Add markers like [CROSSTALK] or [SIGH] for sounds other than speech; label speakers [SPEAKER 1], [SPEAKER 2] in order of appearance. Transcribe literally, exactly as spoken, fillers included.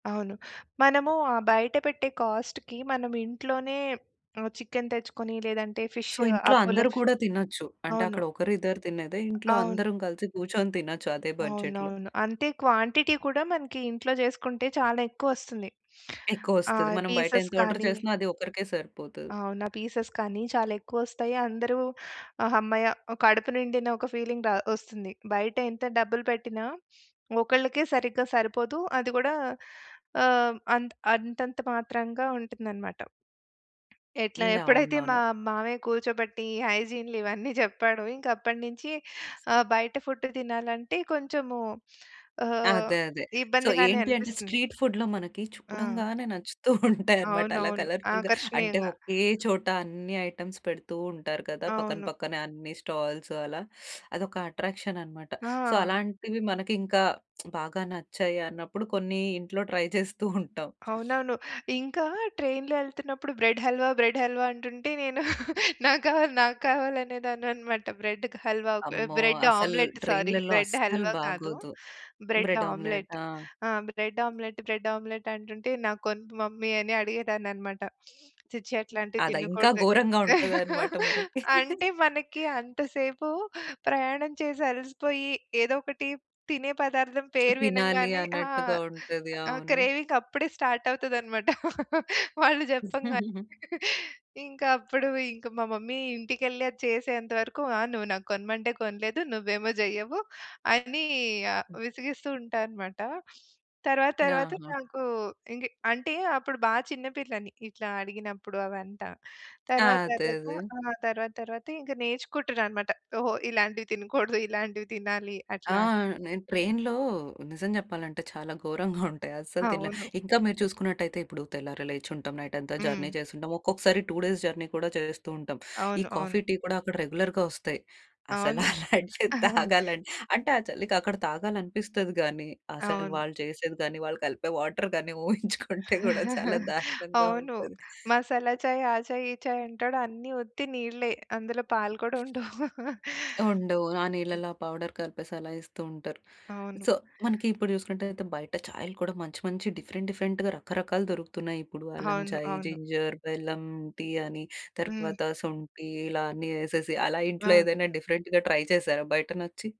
[SPEAKER 1] అవును. మనము ఆ బయట పెట్టే కాస్ట్‌కి మనం ఇంట్లోనే ఆహ్, చికెన్ తెచ్చుకొని లేదంటే ఫిష్,
[SPEAKER 2] సో, ఇంట్లో
[SPEAKER 1] అపోలో
[SPEAKER 2] అందరూ
[SPEAKER 1] ఫి
[SPEAKER 2] కూడా తినొచ్చు. అంటే
[SPEAKER 1] అవును.
[SPEAKER 2] అక్కడ ఒకరు ఇద్దరు తినేదే ఇంట్లో
[SPEAKER 1] అవును.
[SPEAKER 2] అందరం కలిసి కూర్చొని తినొచ్చు అదే బడ్జెట్‌లో.
[SPEAKER 1] అవునవును. అంతే క్వాంటిటీ కూడా మనకి ఇంట్లో చేసుకుంటే చాలా ఎక్కువొస్తుంది. ఆ!
[SPEAKER 2] ఎక్కువోస్తది. మనం బయట
[SPEAKER 1] పీసెస్
[SPEAKER 2] ఎంత ఆర్డర్
[SPEAKER 1] కానీ
[SPEAKER 2] చేసినా అది ఒక్కరికే సరిపోతది.
[SPEAKER 1] అవును. ఆ పీసెస్ కానీ చాలా ఎక్కువోస్తాయి. అందరూ ఆ హమ్మయ్య కడుపు నిండిన ఒక ఫీలింగ్ ద ఒస్తుంది. బయటెంత డబ్బులు పెట్టినా, ఒకళ్ళకే సరిగ్గా సరిపోదు. అది కూడా ఆహ్, అంత అంతంత మాత్రంగా ఉంటుందన్నమాట. ఎట్లా
[SPEAKER 2] హ్మ్.
[SPEAKER 1] ఎప్పుడైతే [GIGGLES] మా
[SPEAKER 2] అవునవును.
[SPEAKER 1] మామయ్య కూర్చోబెట్టి హైజీన్‌లు ఇవన్నీ చెప్పాడో, ఇంకప్పటినుంచి ఆ బయట ఫుడ్ తినాలంటే కొంచెము ఆహ్,
[SPEAKER 2] అదే అదే. సో
[SPEAKER 1] ఇబ్బందిగానే
[SPEAKER 2] ఏంటి అంటే,
[SPEAKER 1] అనిపిస్తుంది.
[SPEAKER 2] స్ట్రీట్ ఫుడ్‌లో మనకి
[SPEAKER 1] ఆ!
[SPEAKER 2] చూడంగానే నచ్చుతూ ఉంటాయన్నమాట. అలా
[SPEAKER 1] అవునవును.
[SPEAKER 2] కలర్‌ఫుల్‌గా, అంటే
[SPEAKER 1] ఆకర్షణీయంగా.
[SPEAKER 2] ఓకే చోట అన్ని ఐటెమ్స్ పెడుతూ ఉంటారు కదా! పక్కన
[SPEAKER 1] అవును.
[SPEAKER 2] పక్కనే అన్ని స్టాల్స్ అలా. అదొక అట్రాక్షన్ అన్నమాట. సో,
[SPEAKER 1] ఆహా!
[SPEAKER 2] అలాంటివి మనకింకా [SMACKS LIPS] బాగా నచ్చాయి అన్నప్పుడు, కొన్ని [GIGGLES] ఇంట్లో ట్రై చేస్తూ ఉంటాం.
[SPEAKER 1] అవునవును. ఇంకా ట్రైన్‌లో ఎళ్తున్నప్పుడు, "బ్రెడ్ హల్వా, బ్రెడ్ హల్వా" అంటుంటే నేను నాకావాలి, నాకావాలి అనేదానన్నమాట. బ్రెడ్ హల్వా,
[SPEAKER 2] అమ్మో!
[SPEAKER 1] బ్రెడ్
[SPEAKER 2] అసలు
[SPEAKER 1] ఆమ్లెట్. సారీ,
[SPEAKER 2] ట్రైన్‌లలో
[SPEAKER 1] బ్రెడ్
[SPEAKER 2] అస్సలు
[SPEAKER 1] హల్వా కాదు,
[SPEAKER 2] బాగోదు.
[SPEAKER 1] Bread
[SPEAKER 2] bread
[SPEAKER 1] omelette.
[SPEAKER 2] ఆమ్లెటా?
[SPEAKER 1] ఆ! "బ్రెడ్ ఆమ్లెట్, బ్రెడ్ ఆమ్లెట్" అంటుంటే నాకు కొనమ్మా మమ్మీ అని అడిగేదానన్నమాట. "ఛీ, ఛీ, అట్లాంటివి
[SPEAKER 2] అదా, ఇంకా
[SPEAKER 1] తినకూడదు."
[SPEAKER 2] ఘోరంగా ఉంటదన్నమాట
[SPEAKER 1] [LAUGHS]
[SPEAKER 2] మనకి. [LAUGHS]
[SPEAKER 1] అంటే మనకి అంతసేపు ప్రయాణం చేసి అలసిపోయి, ఏదోకటి తినే పదార్థం పేరు
[SPEAKER 2] తినాలి
[SPEAKER 1] వినంగానే ఆ!
[SPEAKER 2] అన్నట్టుగా ఉంటది.
[SPEAKER 1] ఆ
[SPEAKER 2] అవును.
[SPEAKER 1] క్రేవింగ్ అప్పుడే స్టార్ట్ అవుతదన్నమాట [LAUGHS] వాళ్ళు చెప్పంగానే.
[SPEAKER 2] [CHUCKLES]
[SPEAKER 1] ఇంకప్పుడు ఇంకా మా మమ్మీ ఇంటికేళ్లి అది చేసేంత వరకు, ఆ! నువ్వు నాకు కొనమంటే కొనలేదు, నువ్వేమో చెయ్యవు అని విసిగిస్తూ ఉంటానమాట. తరువాత తరువాత
[SPEAKER 2] ఆహా!
[SPEAKER 1] నాకు ఇంక అంటే అప్పుడు బా చిన్న పిల్లని, ఇట్లా అడిగినప్పుడు అవంట.
[SPEAKER 2] ఆ!
[SPEAKER 1] తర్వాత
[SPEAKER 2] అదే.
[SPEAKER 1] తర్వాత
[SPEAKER 2] అదే.
[SPEAKER 1] ఆ! తర్వాత తర్వాత ఇంకా నేర్చుకుంటాన్నమాట. ఓహో! ఇలాంటివి తినకూడదు, ఇలాంటివి తినాలి.
[SPEAKER 2] ఆ!
[SPEAKER 1] అట్లా అని.
[SPEAKER 2] నేను ట్రైన్‌లో నిజం చెప్పాలంటే చాలా ఘోరంగా [GIGGLES] ఉంటాయి. అస్సలు తినలేం.
[SPEAKER 1] అవును.
[SPEAKER 2] ఇంకా మీరు చూసుకున్నట్టయితే ఇప్పుడు తెల్లారి లేచుంటాం, నైట్ అంతా జర్నీ
[SPEAKER 1] హ్మ్.
[SPEAKER 2] చేసుంటాం. ఒక్కొక్కసారి టూ డేస్ జర్నీ కూడా చేస్తూ ఉంటాం. ఈ
[SPEAKER 1] అవును. అవును.
[SPEAKER 2] కాఫీ, టీ గూడా అక్కడ రెగ్యులర్‌గా వస్తాయి. అసలు
[SPEAKER 1] అవును.
[SPEAKER 2] అలాంటివి తాగాలంటే ఆ చలికి అక్కడ తాగాలననిపిస్తది కానీ, అసలు
[SPEAKER 1] అవును.
[SPEAKER 2] వాళ్ళు చేసేది కానీ, వాళ్ళు కలిపే వాటర్ గాని ఊహించుకుంటే కూడా [CHUCKLES] చాలా
[SPEAKER 1] [GIGGLES]
[SPEAKER 2] దారుణంగా
[SPEAKER 1] అవును.
[SPEAKER 2] ఉంటది.
[SPEAKER 1] మసాలా చాయ్, ఆ చాయ్, ఈ చాయ్ అంటాడు అన్ని ఉత్తి నీళ్ళే అందులో పాలు కూడుండవు.
[SPEAKER 2] ఉండవు. ఆ
[SPEAKER 1] [CHUCKLES]
[SPEAKER 2] నీళ్ళలో ఆ పౌడర్ కలిపేసి అలా ఇస్తూ ఉంటారు.
[SPEAKER 1] అవును.
[SPEAKER 2] సో, మనకి ఇప్పుడు చూసుకున్నట్టయితే బయట చాయలు కూడా మంచి మంచి డిఫరెంట్ డిఫరెంట్‌గా రకరకాలు దొరుకుతున్నాయి. ఇప్పుడు అల్లం
[SPEAKER 1] అవును.
[SPEAKER 2] చాయ్,
[SPEAKER 1] అవును.
[SPEAKER 2] జింజర్, బెల్లం టీ అని,
[SPEAKER 1] హ్మ్.
[SPEAKER 2] తర్వాత శొంఠి, ఇలా అన్నీ ఏసేసి అలా ఇంట్లో
[SPEAKER 1] అవును.
[SPEAKER 2] ఏదైనా డిఫరెంట్‌గా ట్రై చేసారా బయటనచ్చి?